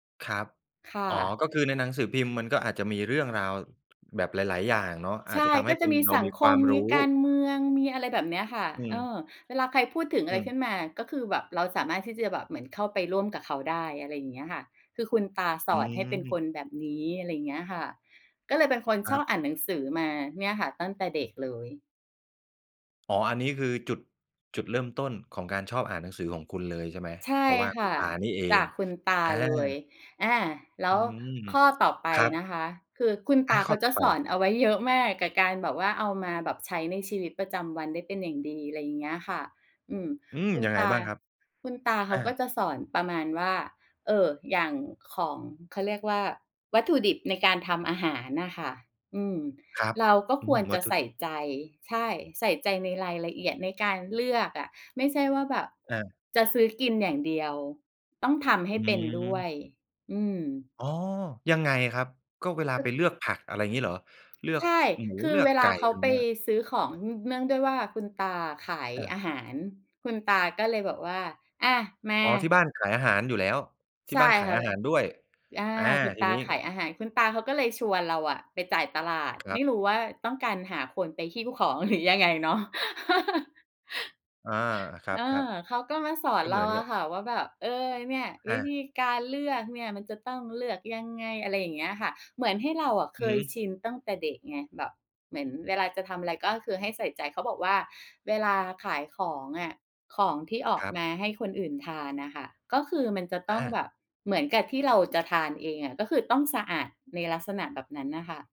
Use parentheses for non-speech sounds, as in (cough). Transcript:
ครับ ค่อ๋อ ะ ก็คือในหนังสือพิมพ์ มันก็อาจจะมีเรื่องราว แบบหลาย ๆ อย่างเนาะ อใาชจจะ่ ทำใกห้็เจป็ะน มีเราสัมงีคความ มรมูี้ การเมือง มีอะไรแบบเนี้ยค่ะ อืเอม ่อ เวลาใครพูดถึงออะืไรขึม ้นมา ก็คือแบบเราสามารถที่จะแบบเข้าไปร่วมกับเขาได้ อะไรอย่างเงี้ยค่ะ คือคุณตาสอือนให้เป็นคม นแบบนี้ อะไรอย่างเงี้ยค่ะ ก็เลยเป็นคนคชรัอบ บอ่านหนังสือมาเนี่ยค่ะ ตั้งแต่เด็กเลย อ๋อ อันนี้คือจุด จุดเริ่มต้นของการชอบอ่านหนังสือของคุณเลยใช่ไหม? ใชเ่พราะว่าคคุ่ณ ะ อา นี่เอจาง กคุณตาอา เลย อา แล้อืวม ข้อต่อไปครันบ ะคะ คือคุณตอา าขเข้อาจต่ะอไป สอนเอาไว้เยอะมาก กับการแบบว่าเอามาแบบใช้ในชีวิตประจำวันได้เป็นอย่างดี อะไรอย่างเงี้ยค่ะ อืม อืม คุณยังไตงา บ้างครับ? คุณตาเขอาก็า จะสอนประมาณว่า เออ อย่างของ เขา เรียกว่า วัตถุดิบในการทำอาหารนะค่ะ อืม ครับ เราก็อืควม รวจัะตถุใสด่ิบ ใจ ใช่ ใส่ใจในรายละเอียด ในการเลือกอะ ไม่ใช่ว่าแบบอา จะซื้อกินอย่างเดียว ต้องทำใหอ้เป็นด้วืม ย อืม อ๋อ ยังไงครับ ก็เวลากไป็ เลือกผัก อะไรอย่างงี้เหรอ? เลือใชก ่ ค หมู คืเอลือเกวลไกา่ เขไารไปเงี้ย ซื้อของ น เนื่องด้วยว่าคุณตาขายอา อาหาร คุณตาก็เลยบอกว่า "อา มา" อ๋อ ที่บ้านขายอาหารอยู่แล้ว ทีใ่ช่บ้านขาคย่ะ อาหารด้วย อ อา อา คุณทตีานี้ ขายอาหาร คุณตาเขาก็เลยชวนเราอะไปจ่ายตลาด ครไมับ ่รู้ว่าต้องการหาคนไปหิ้วของหรือยังไงเนาะ (chuckles) อา ครัเอบ อ เขๆ าก็มาสอนก็เเรหมาือนอกัะบ ค่ะ ว่าแบบ "เออ เนี่ย วอิา ธีการเลือกเนี่ยมันจะต้องเลือกยังไง" อะไรอย่างเงี้ยค่ะ เหมือนให้เราอะเคอือฮึ ยชินตั้งแต่เด็กไง แบบเหมือนเวลาจะทำอะไรก็คือให้ใส่ใจ เขาบอกว่า "เวลาขายของอะ ของที่ออกครับ มาให้คนอื่นทานนะค่ะ ก็คือมันจะตอ้องแา บบเหมือนกับที่เราจะทานเองอะ" ก็คือต้องสะอาดในลักษณะแบบนั้นน่ะค่ะ